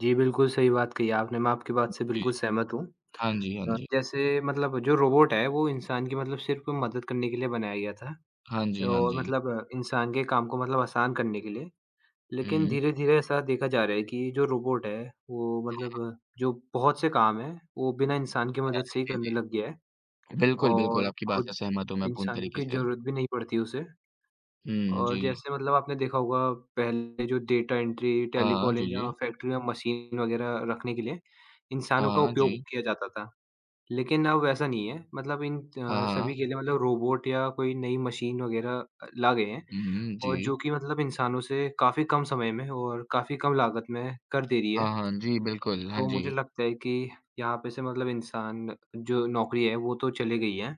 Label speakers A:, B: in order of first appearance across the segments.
A: जी बिल्कुल, सही बात कही आपने, मैं आपकी बात से
B: जी।
A: बिल्कुल सहमत हूँ।
B: हाँ जी, हाँ
A: अ,
B: जी।
A: जैसे मतलब जो रोबोट है वो इंसान की मतलब सिर्फ़ मदद करने के लिए बनाया गया था।
B: हाँ जी, हाँ
A: जो
B: जी।
A: मतलब इंसान के काम को मतलब आसान करने के लिए। लेकिन
B: हुँ।
A: धीरे-धीरे ऐसा देखा जा रहा है कि जो रोबोट है वो
B: हाँ।
A: मतलब जो बहुत से काम हैं वो बिना इंसान की
B: हाँ।
A: मदद से ही
B: जी,
A: करने लग गया है,
B: जी। बिल्कुल, बिल्कुल।
A: और
B: आपकी बात
A: खुद
B: से सहमत हूँ मैं, पूर्ण
A: इंसानों
B: तरीके
A: की
B: से।
A: ज़रूरत भी नहीं पड़ती उसे
B: हुँ।
A: और
B: जी।
A: जैसे मतलब आपने देखा होगा पहले जो डेटा एंट्री,
B: हाँ। जी,
A: टेलीकॉलिंग या
B: जी।
A: फैक्ट्री में मशीन वग़ैरह रखने के लिए इंसानों का
B: हाँ
A: उपयोग
B: जी।
A: किया जाता था, लेकिन अब वैसा नहीं हैं मतलब इन
B: हाँ, हाँ।
A: सभी के लिए मतलब रोबोट या कोई नई मशीन वग़ैरह अ, ला गए हैं
B: हुँ, हुँ।
A: और
B: जी।
A: जो कि मतलब इंसानों से काफ़ी कम समय में और काफ़ी कम लागत में कर दे रही
B: हाँ,
A: हैं।
B: हाँ। जी बिल्कुल। हाँ
A: तो मुझे
B: जी।
A: लगता है कि यहाँ पे से मतलब इंसान जो नौकरी है वो तो चले गई है।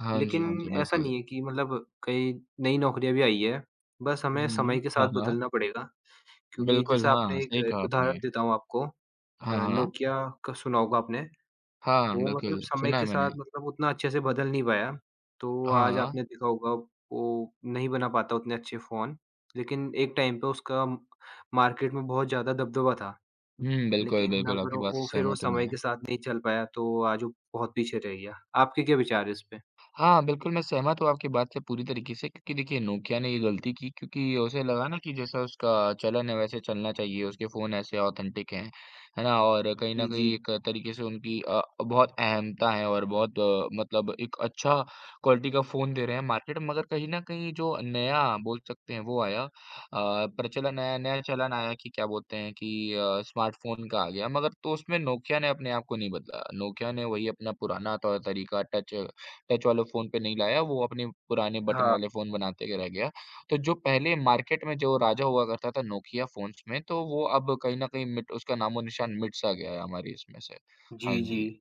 B: हाँ जी, हाँ जी।
A: लेकिन ऐसा
B: बिल्कुल।
A: नहीं है कि मतलब कई नई नौकरियाँ भी आई हैं, बस हमें
B: हुँ।
A: समय के साथ
B: हाँ, हाँ।
A: बदलना पड़ेगा, क्योंकि
B: बिल्कुल।
A: जैसे
B: हाँ,
A: आपने 1
B: सही कहा आपने।
A: उदाहरण देता हूँ आपको अ,
B: हाँ, हाँ।
A: नोकिया का सुना होगा आपने।
B: हाँ,
A: वो मतलब
B: बिल्कुल।
A: समय
B: सुना है
A: के
B: मैंने।
A: साथ मतलब उतना अच्छे से बदल नहीं पाया, तो आज
B: हाँ।
A: आपने देखा होगा वो नहीं बना पाता उतने अच्छे फ़ोन, लेकिन एक टाइम पे उसका मार्केट में बहुत ज़्यादा दबदबा था।
B: हुँ। बिल्कुल,
A: लेकिन
B: बिल्कुल।
A: अगर
B: आपकी बात
A: वो
B: से
A: फिर वो
B: सहमत हूँ
A: समय
B: मैं।
A: के साथ नहीं चल पाया तो आज वो बहुत पीछे रह गया। आपके क्या विचार हैं इस पे?
B: हाँ बिल्कुल, मैं सहमत हूँ आपकी बात से पूरी तरीके से क्योंकि देखिए नोकिया ने ये गलती की क्योंकि उसे लगा ना कि जैसा उसका चलन है वैसे चलना चाहिए, उसके फ़ोन ऐसे ऑथेंटिक हैं, है ना? और कहीं न
A: जी,
B: कहीं
A: जी।
B: एक तरीके से उनकी अ, बहुत अहमता है और बहुत मतलब एक अच्छा क्वालिटी का फ़ोन दे रहे हैं मार्केट में। मगर कहीं न कहीं जो नया बोल सकते हैं वो आया अ, प्रचलन आया, नया चलन आया कि क्या बोलते हैं कि अ, स्मार्टफ़ोन का आ गया मगर तो उसमें नोकिया ने अपने आप को नहीं बदला। नोकिया ने वही अपना पुराना तौर-तरीका, टच टच वाले फ़ोन पे नहीं लाया, वो अपने पुराने बटन
A: हाँ।
B: वाले फ़ोन बनाते रह गया। तो जो पहले मार्किट में जो राजा हुआ करता था नोकिया फ़ोन्स में तो वो अब कहीं न कहीं मिट उसका नामो-निशान मिट-सा गया है हमारी इसमें से। हाँ
A: जी,
B: जी।
A: जी।